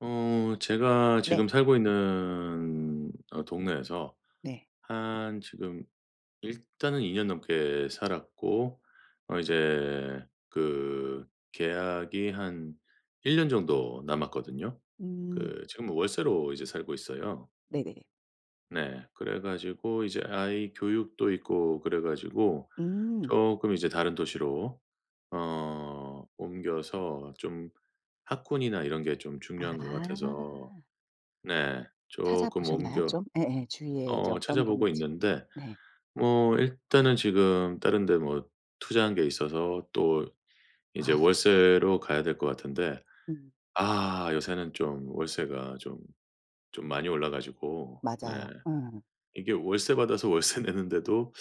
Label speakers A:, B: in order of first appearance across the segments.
A: 어 제가
B: 네.
A: 지금 살고 있는 어 동네에서
B: 네.
A: 한 지금 일단은 2 년 넘게 살았고 어 이제 그 계약이 한 1 년 정도 남았거든요.
B: 음.
A: 그 지금 월세로 이제 살고 있어요.
B: 네네네.
A: 네. 그래 가지고 이제 아이 교육도 있고 그래 가지고
B: 음.
A: 쪼끔 이제 다른 도시로 어 옮겨서 좀 학군이나 이런 게 좀 중요한 것 같아서
B: 아.
A: 네. 쪼끔
B: 찾아보셨나요,
A: 옮겨
B: 좀? 예예. 주위에 이제
A: 어
B: 어떤
A: 찾아보고
B: 범위인지.
A: 있는데
B: 네.
A: 뭐 일단은 지금 다른 데 뭐 투자한 게 있어서 또 이제
B: 아.
A: 월세로 가야 될 것 같은데
B: 음.
A: 아 요새는 좀 월세가 좀 좀 많이 올라 가지고 네.
B: 맞아요. 예.
A: 이게 월세 받아서 월세 내는데도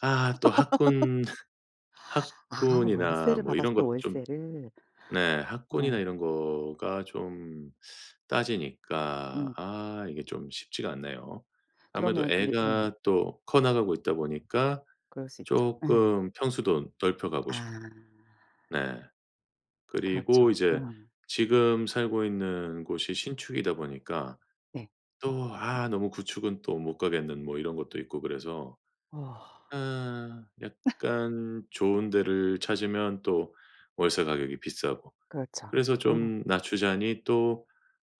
A: 아 또 학군
B: 아
A: 학군이나
B: 월세를
A: 뭐
B: 받아서
A: 이런
B: 또
A: 것도 좀
B: 월세를.
A: 네. 학군이나
B: 네.
A: 이런 거가 좀 따지니까
B: 음.
A: 아 이게 좀 쉽지가 않네요. 아무래도
B: 그러면 그게 예.
A: 애가 또 커 나가고 있다 보니까
B: 그럴 수 있죠. 예.
A: 쪼끔 평수도 넓혀 가고
B: 아.
A: 싶고 네. 그리고
B: 그렇죠.
A: 이제
B: 음.
A: 지금 살고 있는 곳이 신축이다 보니까
B: 네.
A: 또 아 너무 구축은 또 못 가겠는 뭐 이런 것도 있고 그래서
B: 아.
A: 아 약간 좋은 데를 찾으면 또 월세 가격이 비싸고
B: 그렇죠.
A: 그래서
B: 어.
A: 좀 낮추자니 또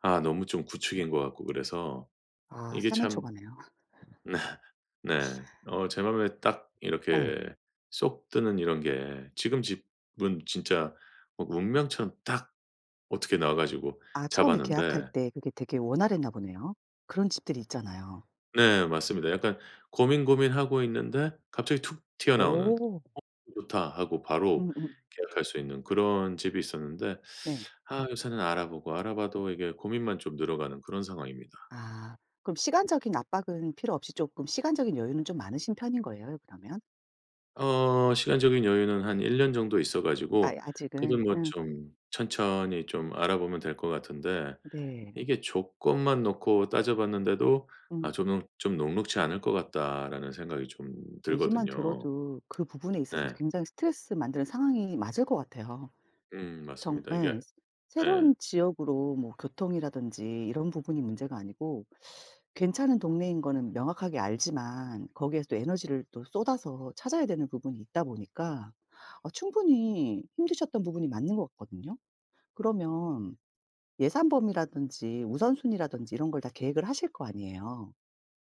A: 아 너무 좀 구축인 것 같고 그래서
B: 아
A: 이게 참
B: 사면초가네요.
A: 네. 네. 어 제 마음에 딱
B: 예.
A: 이렇게 쏙 뜨는 이런 게 지금 집은 진짜 막 운명처럼 딱 어떻게 나와 가지고
B: 아 처음에 계약할
A: 잡았는데
B: 때 그게 되게 원활했나 보네요. 그런 집들 있잖아요.
A: 네 맞습니다. 약간 고민 고민하고 있는데 갑자기 툭 튀어나오는 '어
B: 어
A: 좋다.' 하고 바로
B: 음음.
A: 계약할 수 있는 그런 집이 있었는데
B: 네.
A: 아 요새는 알아보고 알아봐도 이게 고민만 좀 늘어가는 그런 상황입니다.
B: 아 그럼 시간적인 압박은 필요 없이 쪼끔 시간적인 여유는 좀 많으신 편인 거예요 그러면?
A: 어 시간적인 여유는 한 1 년 정도 있어
B: 아이
A: 가지고 그래도
B: 아직은
A: 뭐
B: 음.
A: 좀 천천히 좀 알아보면 될 것 같은데
B: 네.
A: 이게 조건만 놓고 따져 봤는데도 아
B: 음.
A: 저는 '좀 녹록지 않을 것 같다.'라는 생각이 좀
B: 얘기만
A: 들거든요.
B: 들어도 그 부분에 있어서도
A: 네.
B: 굉장히 스트레스 만드는 상황이 맞을 것 같아요.
A: 음
B: 정
A: 맞습니다.
B: 예.
A: 이게 예.
B: 새로운 지역으로 뭐 교통이라든지 이런 부분이 문제가 아니고 괜찮은 동네인 거는 명확하게 알지만 거기에서 또 에너지를 또 쏟아서 찾아야 되는 부분이 있다 보니까 어 충분히 힘드셨던 부분이 맞는 것 같거든요. 그러면 예산 범위라든지 우선순위라든지 이런 걸 다 계획을 하실 거 아니에요.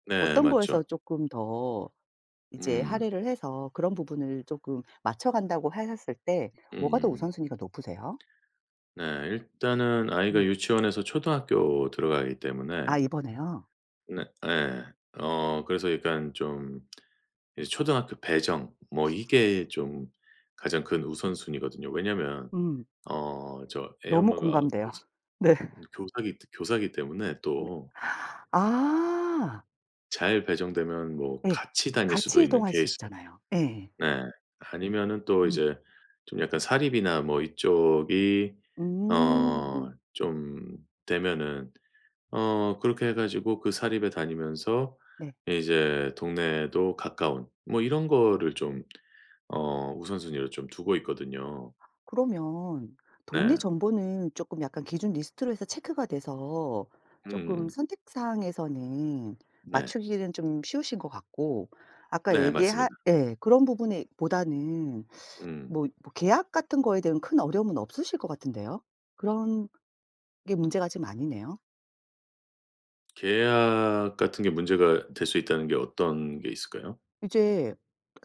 A: 네
B: 어떤 거에서
A: 맞죠.
B: 쪼끔 더 이제
A: 음.
B: 할애를 해서 그런 부분을 쪼끔 맞춰 간다고 하셨을 때 뭐가 더
A: 음.
B: 우선순위가 높으세요?
A: 네 일단은 아이가
B: 음.
A: 유치원에서 초등학교 들어가기 때문에
B: 아 이번에요?
A: 네 예. 어 그래서 약간 좀 이 초등학교 배정 뭐 이게 좀 가장 큰 우선순위거든요. 왜냐하면
B: 음.
A: 어 저 애
B: 너무
A: 엄마가
B: 공감돼요.
A: 교스
B: 네.
A: 음 교사기 교사기 때문에
B: 네.
A: 또
B: 아.
A: 잘 배정되면 뭐
B: 네.
A: 같이 다닐 수도
B: 같이
A: 있는
B: 이동할 수
A: 케이스.
B: 있잖아요. 예예.
A: 네. 아니면은 또
B: 음.
A: 이제 좀 약간 사립이나 뭐 이쪽이
B: 음.
A: 어 좀 되면은 어 그렇게 해 가지고 그 사립에 다니면서
B: 네.
A: 이제 동네도 가까운 뭐 이런 것을 좀 어 우선순위로 좀 두고 있거든요.
B: 그러면 동네
A: 네.
B: 정보는 쪼끔 약간 기준 리스트로 해서 체크가 돼서
A: 음
B: 쪼끔
A: 음.
B: 선택사항에서는
A: 네.
B: 맞추기는 좀 쉬우신 것 같고. 아까
A: 네
B: 얘기할
A: 맞습니다.
B: 예. 그런 부분에 보다는
A: 음.
B: 뭐 뭐 계약 같은 거에 대한 큰 어려움은 없으실 것 같은데요. 그런 게 문제가 좀 아니네요.
A: 계약 같은 게 문제가 될 수 있다는 게 어떤 게 있을까요?
B: 이제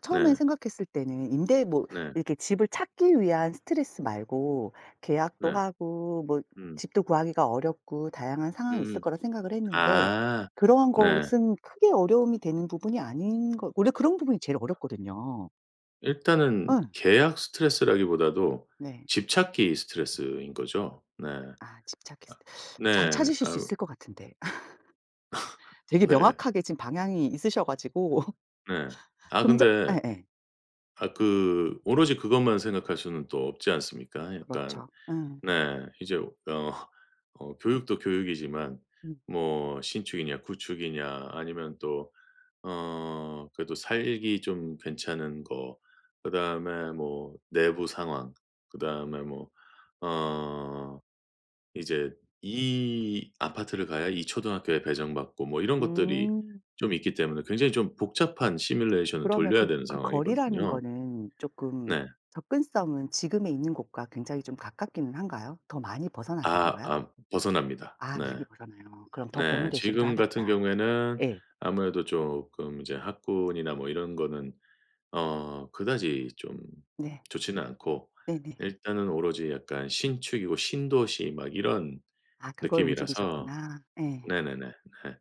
B: 처음에
A: 네.
B: 생각했을 때는 임대 뭐
A: 네.
B: 이렇게 집을 찾기 위한 스트레스 말고 계약도
A: 네.
B: 하고 뭐
A: 음.
B: 집도 구하기가 어렵고 다양한 상황이 있을
A: 음음.
B: 거라 생각을 했는데
A: 아.
B: 그러한
A: 네.
B: 것은 크게 어려움이 되는 부분이 아닌 거 원래 그런 부분이 제일 어렵거든요.
A: 일단은
B: 어.
A: 계약 스트레스라기보다도
B: 네.
A: 집 찾기 스트레스인 거죠. 네.
B: 아 집 찾기 스트 잘
A: 네,
B: 찾으실 수
A: 아
B: 있을 것 같은데 되게
A: 네.
B: 명확하게 지금 방향이 있으셔 가지고
A: 네. 아,
B: 좀 전
A: 근데
B: 예예.
A: 아 그 오로지 그것만 생각할 수는 또 없지 않습니까? 약간
B: 그렇죠. 예.
A: 네, 이제 어 어 교육도 교육이지만
B: 음.
A: 뭐 신축이냐 구축이냐 아니면 또 어 그래도 살기 좀 괜찮은 거, 그다음에 뭐 내부 상황, 그다음에 뭐 어 이제 이 아파트를 가야 이 초등학교에 배정받고 뭐 이런 것들이
B: 음.
A: 좀 있기 때문에 굉장히 좀 복잡한 시뮬레이션을
B: 그러면
A: 돌려야
B: 그
A: 되는
B: 그 거리라는
A: 상황이거든요.
B: 거는 쪼끔
A: 네.
B: 접근성은 지금에 있는 곳과 굉장히 좀 가깝기는 한가요? 더 많이 벗어나는
A: 아,
B: 건가요?
A: 아 벗어납니다.
B: 아
A: 네.
B: [unintelligible] 그러네요. 그럼 더
A: 네,
B: 고민되시기도
A: 지금 같은
B: 하겠다.
A: 경우에는
B: 예.
A: 아무래도 쪼끔 이제 학군이나 뭐 이런 거는 어 그다지 좀
B: 네.
A: 좋지는 않고,
B: 네네.
A: 일단은 오로지 약간 신축이고 신도시 막 이런
B: 아 그걸
A: 느낌이라서.
B: 움직이셨구나. 예.
A: 네네네, 네.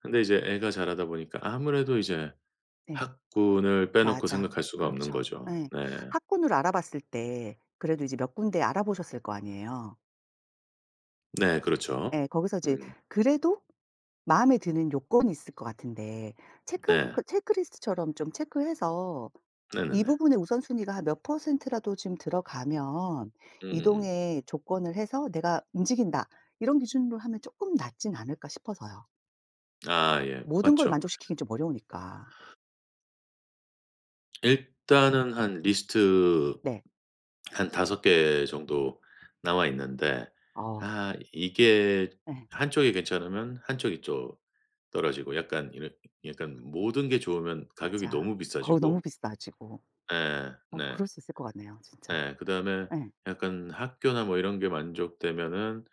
A: 근데 이제 애가 자라다 보니까 아무래도 이제
B: 네.
A: 학군을 빼놓고
B: 맞아,
A: 생각할 수가 없는
B: 그렇죠.
A: 거죠.
B: 예.
A: 네.
B: 학군을 알아봤을 때 그래도 이제 몇 군데 알아보셨을 거 아니에요.
A: 네 그렇죠.
B: 예. 거기서 이제
A: 음.
B: 그래도 마음에 드는 요건이 있을 것 같은데 체크 그
A: 네.
B: 체크리스트처럼 좀 체크해서 '이
A: 네네네.
B: 부분의 우선순위가 한 몇 퍼센트라도 지금 들어가면
A: 음음음.
B: 이동의 조건을 해서 내가 움직인다.' 이런 기준으로 하면 조금 낫진 않을까 싶어서요.
A: 아 예.
B: 모든 걸
A: 맞죠.
B: 만족시키긴 좀 어려우니까.
A: 일단은 한 리스트
B: 네.
A: 한 5 개 정도 나와 있는데
B: 아.
A: 아 이게
B: 네.
A: 한 쪽이 괜찮으면 한 쪽이 좀 떨어지고 약간 이런 약간 모든 게 좋으면 가격이
B: 맞아.
A: 너무
B: 거기 너무
A: 비싸지고
B: 비싸지고.
A: 예.
B: 어
A: 네.
B: 그럴 수 있을 것 같네요, 진짜.
A: 네. 그다음에
B: 예.
A: 약간 학교나 뭐 이런 게 만족되면은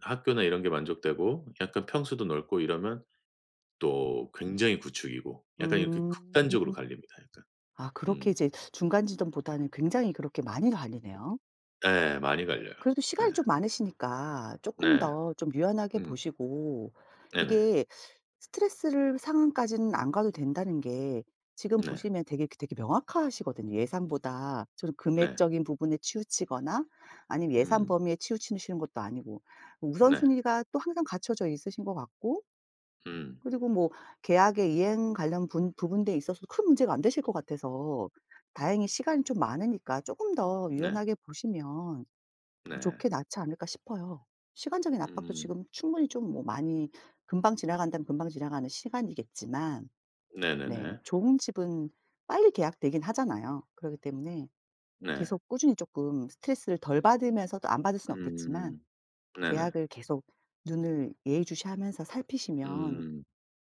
A: 학교나 이런 게 만족되고 약간 평수도 넓고 이러면 또 굉장히 구축이고 약간 이렇게
B: 음.
A: 극단적으로 갈립니다, 약간.
B: 아 그렇게
A: 음.
B: 이제 중간지점보다는 굉장히 그렇게 많이 갈리네요.
A: 예. 많이 갈려요.
B: 그래도
A: 예.
B: 시간이 좀 많으시니까 조금
A: 네.
B: 더 좀 유연하게
A: 음.
B: 보시고
A: 네네.
B: 이게 스트레스를 상황까지는 안 가도 된다는 게 지금
A: 네.
B: 보시면 되게 그 되게 명확하시거든요. 예산보다 좀
A: 네.
B: 금액적인 부분에 치우치거나 아니면 예산
A: 음.
B: 범위에 치우치시는 것도 아니고
A: 네.
B: 우선순위가 또 항상 갖춰져 있으신 것 같고.
A: 음.
B: 그리고 뭐 계약의 이행 관련 분 부분에 있어서 큰 문제가 안 되실 것 같아서 다행히 시간이 좀 많으니까 조금 더
A: 네.
B: 유연하게 보시면 더
A: 네.
B: 좋게 낫지 않을까 싶어요. 시간적인 압박도
A: 음.
B: 지금 충분히 좀 뭐 많이 금방 지나간다면 금방 지나가는 시간이겠지만.
A: 네
B: 네.
A: 네네.
B: 좋은 집은 빨리 계약되긴 하잖아요. 그렇기 때문에
A: 네.
B: 계속 꾸준히 조금 스트레스를 덜 받으면서 또 안 받을 순 없겠지만
A: 음. 네네.
B: 계약을 계속 눈을 예의 주시하면서 살피시면
A: 음.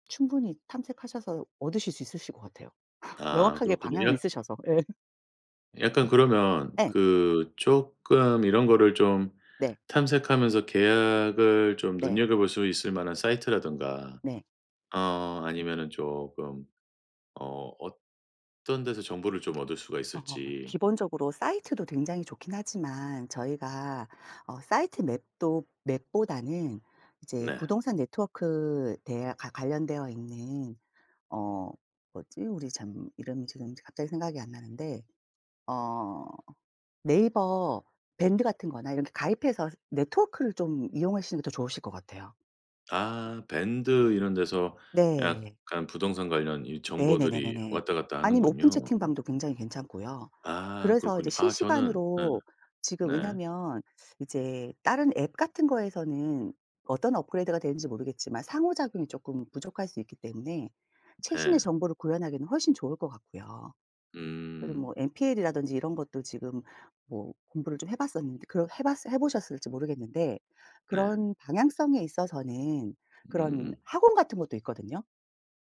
B: 충분히 탐색하셔서 얻으실 수 있으실 것 같아요.
A: 아.
B: 명확하게
A: 그렇군요.
B: 방향은
A: 이런
B: 있으셔서. 예.
A: 약간 그러면
B: 예.
A: 그 쪼끔 이런 거를 좀
B: 네.
A: 탐색하면서 계약을 좀
B: 네.
A: 눈여겨볼 수 있을만한 사이트라든가
B: 네.
A: 어 아니면은 조금 어 어떤 데서 정보를 좀 얻을 수가
B: 어.
A: 있을지.
B: 기본적으로 사이트도 굉장히 좋긴 하지만 저희가 어 사이트 맵도 맵보다는 이제
A: 네.
B: 부동산 네트워크 되어 과 관련되어 있는 어 뭐지 우리 참 이름이 지금 갑자기 생각이 안 나는데 어 네이버 밴드 같은 거나 이렇게 가입해서 네트워크를 좀 이용하시는 게 더 좋으실 것 같아요.
A: 아. 밴드 이런 데서
B: 네.
A: 약간 부동산 관련 이
B: 네네
A: 정보들이
B: 네네네.
A: 왔다 갔다
B: 아니면 오픈
A: 하는군요. 어.
B: 채팅방도 굉장히 괜찮고요.
A: 아
B: 그래서 이제
A: 그렇군요. 아 저는 예.
B: 실시간으로 지금
A: 네.
B: 왜냐면 이제 다른 앱 같은 거에서는 어떤 업그레이드가 되는지 모르겠지만 상호작용이 조금 부족할 수 있기 때문에 최신의
A: 예.
B: 정보를 구현하기는 훨씬 좋을 것 같고요. 그리고
A: 음.
B: 뭐 NPL이라든지 이런 것도 지금 뭐 공부를 좀 해봤었는데 그 해봤으 해보셨을지 모르겠는데.
A: 네.
B: 그런 방향성에 있어서는 그런
A: 음음음.
B: 학원 같은 것도 있거든요.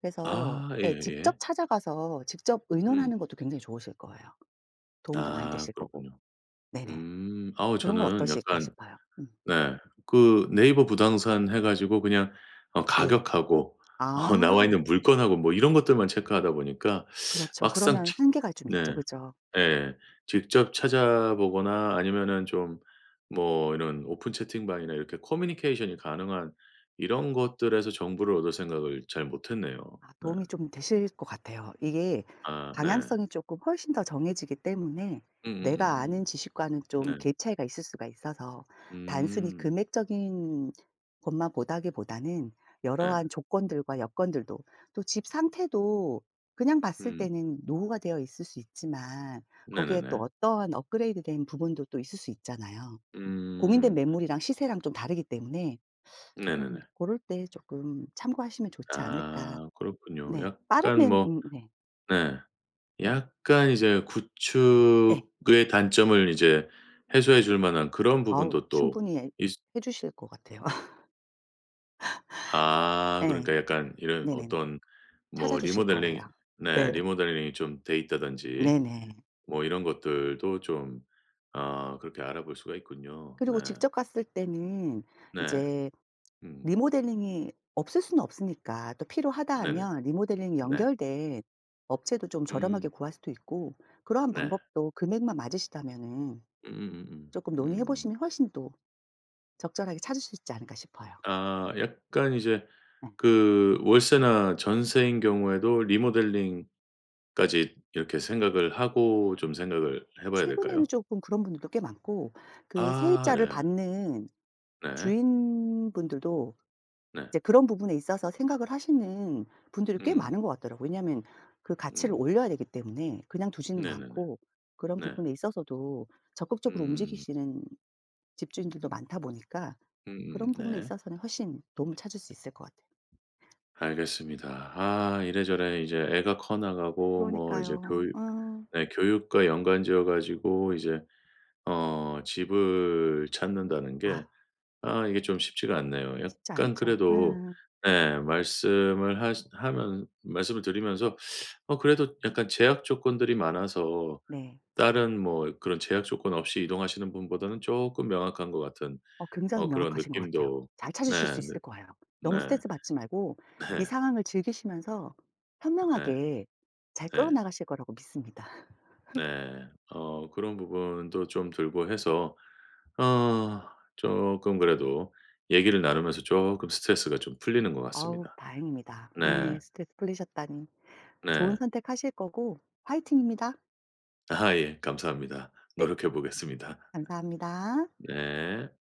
B: 그래서
A: 아
B: 예
A: 예예
B: 직접
A: 예.
B: 찾아가서 직접
A: 음.
B: 의논하는 것도 굉장히 좋으실 거예요. 도움도 많이
A: 아
B: 되실 거고.
A: 그렇군요.
B: 네네.
A: 음. 어우
B: 그런 건
A: 저는
B: 어떠실까
A: 약간
B: 싶어요. 음.
A: 네 그 네이버 부동산 해 가지고 그냥 어
B: 예.
A: 가격하고 어
B: 아.
A: 나와있는 물건하고 뭐 이런 것들만 체크하다 보니까
B: 그렇죠.
A: 막상
B: 그러면
A: 직
B: 한계가 좀
A: 네.
B: 있죠. 그죠.
A: 예예예. 직접 찾아보거나 아니면은 좀 뭐 이런 오픈 채팅방이나 이렇게 커뮤니케이션이 가능한 이런 것들에서 정보를 얻을 생각을 잘 못했네요.
B: 아
A: 네.
B: 도움이 좀 되실 것 같아요. 이게
A: 아. 네.
B: 방향성이 조금 훨씬 더 정해지기 때문에 내가
A: 음음음음.
B: 아는 지식과는 좀
A: 네.
B: 갭 차이가 있을 수가 있어서 단순히
A: 음.
B: 금액적인 것만 보다기보다는
A: 네.
B: 여러한 조건들과 여건들도, 또 집 상태도 그냥 봤을
A: 음.
B: 때는 노후가 되어 있을 수 있지만
A: 네
B: 거기에 또
A: 네네.
B: 어떠한 업그레이드 된 부분도 또 있을 수 있잖아요. 공인된
A: 음.
B: 매물이랑 시세랑 좀 다르기 때문에
A: 네
B: 음
A: 네네.
B: 고럴 때 조금 참고하시면 좋지 않을까.
A: 아. 그렇군요.
B: 네.
A: 약간
B: 빠르면
A: 뭐
B: 음. 네.
A: 네 약간 이제
B: 예.
A: 구축의 단점을 이제 해소해 줄 만한 그런
B: 아우
A: 부분도 또
B: 충분히 예
A: 있으
B: 해주실 것 같아요.
A: 아.
B: 예.
A: 그러니까 약간 이런
B: 네네네.
A: 어떤 뭐
B: 찾아주실 거예요.
A: 리모델링 네
B: 네.
A: 리모델링이 좀 돼 있다든지
B: 네 네.
A: 뭐 이런 것들도 좀 어 그렇게 알아볼 수가 있군요. 네.
B: 그리고 직접 갔을 때는
A: 네.
B: 이제
A: 음.
B: 리모델링이 없을 순 없으니까 또 필요하다
A: 네네.
B: 하면 리모델링이
A: 네.
B: 연결된 업체도 좀 저렴하게
A: 음.
B: 구할 수도 있고 그러한
A: 네.
B: 방법도 금액만 맞으시다면은.
A: 음음음음.
B: 조금 논의해
A: 음.
B: 보시면 훨씬 또 적절하게 찾으실 수 있지 않을까 싶어요.
A: 아. 약간 이제
B: 네.
A: 그 월세나 전세인 경우에도 리모델링까지 이렇게 생각을 하고 좀 생각을 해봐야
B: 최근에는
A: 될까요?
B: 조금 그런 분들도 꽤 많고, 그
A: 아
B: 세입자를
A: 네.
B: 받는
A: 네.
B: 주인분들도
A: 네.
B: 이제 그런 부분에 있어서 생각을 하시는 분들이 꽤
A: 음.
B: 많은 것 같더라고요. 왜냐하면 그 가치를
A: 음.
B: 올려야 되기 때문에 그냥 두지는
A: 네 네네.
B: 않고 그런
A: 네.
B: 부분에 있어서도 적극적으로
A: 음.
B: 움직이시는 집주인들도 많다 보니까
A: 음음.
B: 그런 부분에
A: 네.
B: 있어서는 훨씬 도움을 찾을 수 있을 것 같아요.
A: 알겠습니다. 아. 이래저래 이제 애가 커 나가고 뭐 이제
B: 그러니까요.
A: 교육
B: 아.
A: 네 교육과 연관 지어 가지고 이제 어 집을 찾는다는
B: 아
A: 게 아 이게 좀 쉽지가 않네요.
B: 쉽지
A: 약간
B: 않죠.
A: 그래도
B: 예예예.
A: 예 말씀을 하시 하면은 말씀을 드리면서 어 그래도 약간 제약 조건들이 많아서
B: 네.
A: 다른 뭐 그런 제약 조건 없이 이동하시는 분보다는 조금 명확한 것 같은
B: 어 굉장히
A: 어 그런
B: 명확하신 것 같아요.
A: 느낌도
B: 잘 찾으실 수
A: 네 네.
B: 있을 거예요. 너무
A: 네.
B: 스트레스 받지 말고
A: 네.
B: 이 상황을 즐기시면서
A: 네.
B: 현명하게 잘 끌어
A: 네.
B: 나가실 거라고 믿습니다.
A: 네. 어 그런 부분도 좀 들고 해서 어 쪼끔 그래도 얘기를 나누면서 쪼끔 스트레스가 좀 풀리는 것
B: 어우
A: 같습니다.
B: 다행입니다.
A: 네.
B: 예. 스트레스 풀리셨다니. 좋은
A: 네.
B: 선택하실 거고 화이팅입니다.
A: 아 예. 감사합니다.
B: 네.
A: 노력해보겠습니다.
B: 감사합니다.
A: 네.